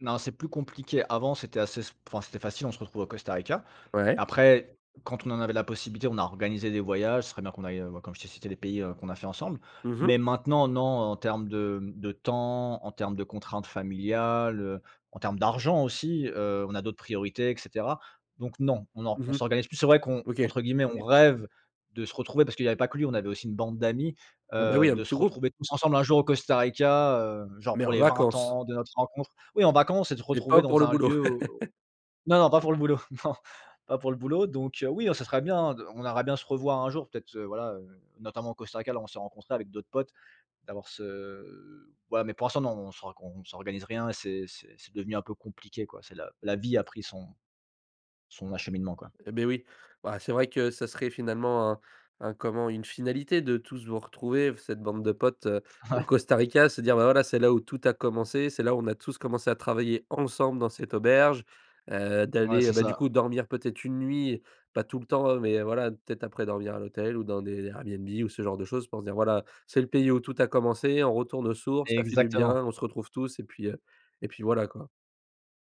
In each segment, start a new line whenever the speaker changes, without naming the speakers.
Non, c'est plus compliqué. Avant, c'était assez s enfin, c'était facile. On se retrouve au Costa Rica.
Ouais.
Après, quand on en avait la possibilité, on a organisé des voyages, ce serait bien qu'on aille, heu, bah comme je t'ai cité, les pays, heu, qu'on a fait ensemble.
Mmh mh.
Mais, maintenant, non, en termes de, hem, de temps, en termes de contraintes familiales, heu, en termes d'argent aussi, heu, on a d'autres priorités et cetera. Donc, non, on or on
Mmh mh.
s'organise plus. C'est vrai qu'on
OK.
entre guillemets, «on rêve» de se retrouver parce qu'il y avait pas que lui. On avait aussi une bande d'amis.
Et, bah,
Heu,
oui, un
de
petit
se
groupe.
retrouver tous ensemble un jour au Costa Rica, heu, genre
Mais,
pour
en
les 20
vacances?
ans de notre rencontre. Oui, en vacances et te
Mais,
retrouver
pas pour
dans
le
un
boulot.
lieu, au non, non, pas pour le boulot, non, pas pour le boulot. Donc, heu, oui, non, ça serait bien de on aimerait bien se revoir un jour. Peut-être, heu, voilà, heu, notamment au Costa Rica, là, où on s'est rencontré avec d'autres potes. D'avoir ce voilà mais, pour l'instant, non, on s'org on s'organise rien. C'est c'est c'est devenu un peu compliqué, quoi. C'est la la vie a pris son son acheminement, quoi.
Eh, beh, oui, bah, c'est vrai que ça serait finalement un un comment, une finalité de tous vous retrouver, f cette bande de potes, heu, au
Ouais.
Costa Rica. Se dire, bah, voilà, c'est là où tout a commencé. C'est là où on a tous commencé à travailler ensemble dans cette auberge. Heu,
Ouais,
d'aller, heu,
c'est
bah, du
ça.
coup, dormir peut-être 1 nuit, pas tout le temps, heu, mais voilà, peut-être après dormir à l'hôtel ou dans des Airbnb ou ce genre de choses. Pour se dire, voilà, c'est le pays où tout a commencé. On retourne aux sources, ça fait du bien.
Exactement.
On se retrouve tous et puis, heu, et puis, voilà, quoi.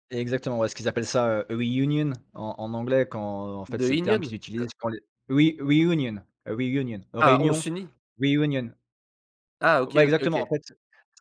Exactement, ouais ce qu'ils appellent ça, heu, reunion en en anglais quand, en fait, c'est
De
le terme
inione?
qu'ils utilisent quand les re reunion a reunion
Ah, on
réunion
s'unit.
reunion.
Ah!
Ouais,
OK. OK.
exactement. En
OK.
fait,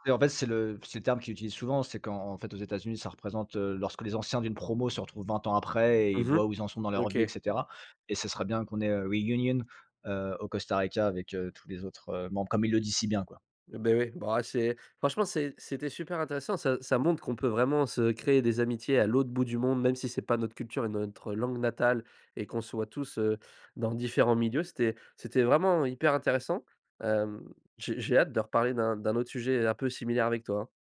c'est en fait, c'est le c'est le terme qu'ils utilisent souvent. C'est qu'en en fait aux États-Unis, ça représente, heu, lorsque les anciens d'une promo se retrouvent 20 ans après et
Mmh mh.
voient où ils en sont dans leur vie et
OK.
cetera et ce serait bien qu'on ait, heu, reunion heu, au Costa Rica avec, heu, tous les autres, heu, membres, comme ils le disent si bien, quoi.
Eh beh, oui, bah, c'est, franchement, c'est c'était super intéressant. Ça ça montre qu'on peut vraiment se créer des amitiés à l'autre bout du monde, même si c'est pas notre culture et notre langue natale et qu'on soit tous, heu, dans différents milieux. C'était c'était vraiment hyper intéressant. Hem, j'ai j'ai hâte de reparler d'un d'un autre sujet un peu similaire avec toi, hein.